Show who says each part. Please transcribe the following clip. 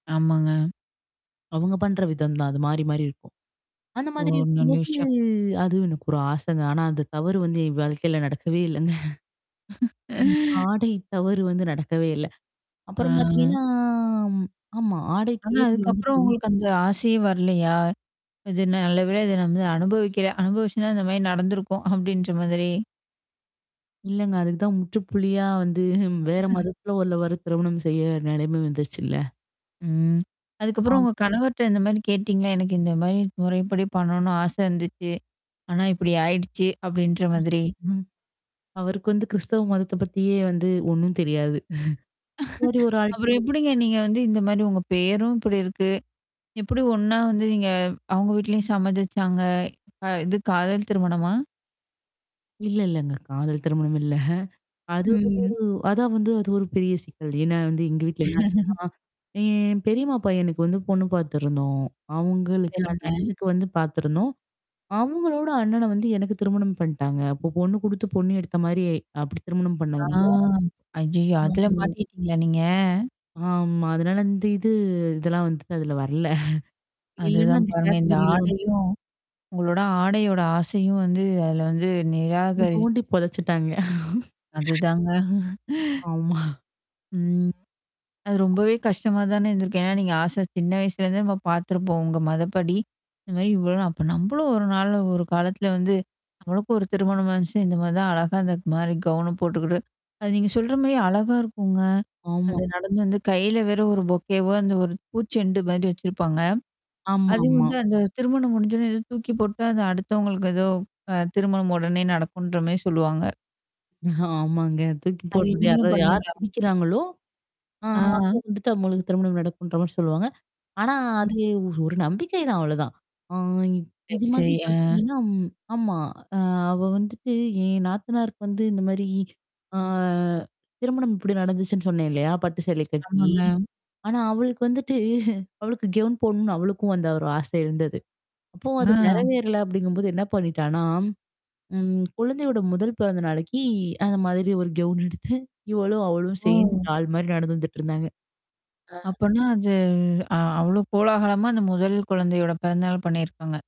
Speaker 1: ஆமாங்க.
Speaker 2: அவங்க பண்ற விதம் தான். அது மாறி மாறி இருக்கும். அந்த
Speaker 1: ஒ
Speaker 2: மாதிரி
Speaker 1: நல்ல
Speaker 2: இருக்கும்போது
Speaker 1: விஷயம்.
Speaker 2: அதுவும் எனக்கு ஒரு ஆசைங்க. ஆனா அந்த தவறு வந்து என் வாழ்க்கையில நடக்கவே இல்லங்க. ஆமா. ஆடை தவறு வந்து நடக்கவே இல்ல. அப்புறம்
Speaker 1: ஆ.
Speaker 2: பார்த்தீங்கன்னா, ஆமா, ஆடை
Speaker 1: ஆனா அதுக்கப்புறம்
Speaker 2: [unintelligible]
Speaker 1: உங்களுக்கு அந்த ஆசையே வரலையா? இது, "நல்ல வேலை. இத நம்ம அனுபவிக்கல, அனுபவிச்சுன்னா இந்த மாரி நடந்திருக்கும்" அப்டின்ற மாதிரி.
Speaker 2: இல்லங்க. அதுக்கு தான் முற்றுப்புள்ளியா வந்து வேற மதத்துல உள்ளவர திருமணம் செய்ய நெலம வந்துருச்சுல்ல.
Speaker 1: ம். அதுக்கப்புறம்
Speaker 2: ஆம்.
Speaker 1: உங்க கணவர்ட்ட இந்த மாரி கேட்டீங்களா? "எனக்கு இந்த மாரி முறைப்படி பண்ணணும்னு ஆசை இருந்துச்சு. ஆனா இப்படி ஆயிடுச்சு" அப்டின்ற மாதிரி.
Speaker 2: அவருக்கு வந்து கிறிஸ்தவ மதத்த பத்தியே வந்து ஒண்ணும் தெரியாது. பூரி ஒரு ஆள்ட
Speaker 1: அப்புறம்
Speaker 2: போயி
Speaker 1: எப்படிங்க
Speaker 2: நம்ம.
Speaker 1: நீங்க வந்து இந்த மாரி உங்க பேரும் இப்படி இருக்கு? எப்படி ஒண்ணா வந்து நீங்க அவங்க வீட்லயும் சம்மதிச்சாங்க? கா இது காதல் திருமணமா?
Speaker 2: இல்ல இல்லங்க. காதல் திருமணம் இல்ல. அது
Speaker 1: ம்.
Speaker 2: ஒரு அதா வந்து அது ஒரு பெரிய சிக்கல். ஏன்னா வந்து எங்க வீட்ல என்ன ஆச்சுன்னா? என் பெரியம்மா பையன்னுக்கு வந்து பொண்ணு பார்த்தருந்தோம். அவங்களுக்கு அந்த
Speaker 1: சரிங்க.
Speaker 2: அண்ணனுக்கு வந்து பார்த்துருந்தோம். அவங்களோட அண்ணன வந்து எனக்கு திருமணம் பண்டாங்க. அப்போ பொண்ணு குடுத்து பொண்ணு எடுத்த மாரி அப்படி திருமணம்
Speaker 1: ஆ
Speaker 2: பண்ணதுனால
Speaker 1: ஐயயோ! அதுல
Speaker 2: [unintelligible]
Speaker 1: மாட்டிக்கிட்டீங்களா நீங்க?
Speaker 2: ஆமா. அதனால இந்த இது, இதெல்லாம் வந்துட்டு அதுல வர்ல. இல்லன்னா
Speaker 1: அதுதான்
Speaker 2: அந்த
Speaker 1: பாருங்க. இந்த
Speaker 2: கேட்டகிரி ல வந்துட்டு
Speaker 1: ஆடையும் உங்களோட ஆடையோட ஆசையும் வந்து அதில வந்து
Speaker 2: குழி
Speaker 1: நிராகரிச்சு.
Speaker 2: தோண்டி பொதச்சுட்டாங்க.
Speaker 1: அதுதாங்க.
Speaker 2: ஆமா.
Speaker 1: ம். அது ரொம்பவே கஷ்டமா தானே இருந்திருக்கும். ஏன்னா, நீங்க ஆசையா, சின்ன வயசுலேருந்தே நம்ம பார்த்துருப்போம் உங்க மதப்படி. இந்த மாரி இவ்ளோ நா அப்ப நம்பளும் 1 நாள் 1 காலத்தில வந்து, நம்மளுக்கும் 1 திருமணம் வந்துச்சுனா இந்த மாரி தான் அழகா இந்த மாரி கௌன போட்டுக்கிட்டு. அது நீங்க சொல்ற மாரி அழகா இருக்குங்க.
Speaker 2: ஆமா.
Speaker 1: அந்த நடந்து வந்து கையில வேற ஒரு பொக்கேவோ அந்த ஒரு பூச்செண்டு மாரி வச்சிருப்பாங்க. அதுவும்
Speaker 2: ஆமாமா.
Speaker 1: வந்து, அந்த திருமணம் முடிஞ்சன்னே ஏதோ தூக்கி போட்டா அது அடுத்தவங்களுக்கு ஏதோ அ திருமணம் உடனே நடக்குன்ற மாரி சொல்லுவாங்க.
Speaker 2: ஆமாங்க. தூக்கி
Speaker 1: அது
Speaker 2: போட்றது
Speaker 1: நீங்களும்
Speaker 2: யாராவது யார்
Speaker 1: பண்ணுவீங்களா?
Speaker 2: புடிக்கிறாங்களோ, ஆ அப்ப
Speaker 1: ஆ.
Speaker 2: வந்துட்டு அவங்ளுக்கு திருமணம் நடக்குன்ற மாரி சொல்லுவாங்க. ஆனா அது ஒரு நம்பிக்கை தான் அவ்வளோதான். ஆ இ இது
Speaker 1: சரி சரி.
Speaker 2: மாதிரி
Speaker 1: ஆ.
Speaker 2: பார்த்தீங்கன்னா, ஆமா, ஆ அவ வந்துட்டு என் நாத்தனாருக்கு வந்து இந்த மாரி ஆ. திருமணம் இப்படி நடந்துச்சுன்னு சொன்னேன் இல்லையா? பட்டு சேலை கட்டி?
Speaker 1: ஆமாங்க.
Speaker 2: ஆனா, அவளுக்கு வந்துட்டு அவளுக்கு கவுன் போடணும்னு அவளுக்கும் அந்த ஒரு ஆசை இருந்தது. அப்பவும்
Speaker 1: ஆ.
Speaker 2: அது நெறவேறல அப்படிங்கும்போது என்ன பண்ணிட்டனா, ம் குழந்தையோட முதல் பிறந்த நாளக்கி அந்த மாதிரி ஒரு கவுன் எடுத்து, இவளும், அவளும்
Speaker 1: ஓ.
Speaker 2: சேர்ந்து டால் மாரி நடந்து வந்துட்டுருந்தாங்க. ஆ.
Speaker 1: அப்பனா அது அ அவ்ளோ கோலாகலமா அந்த முதல் குழந்தையோட பிறந்த நாள் பண்ணியிருக்காங்க.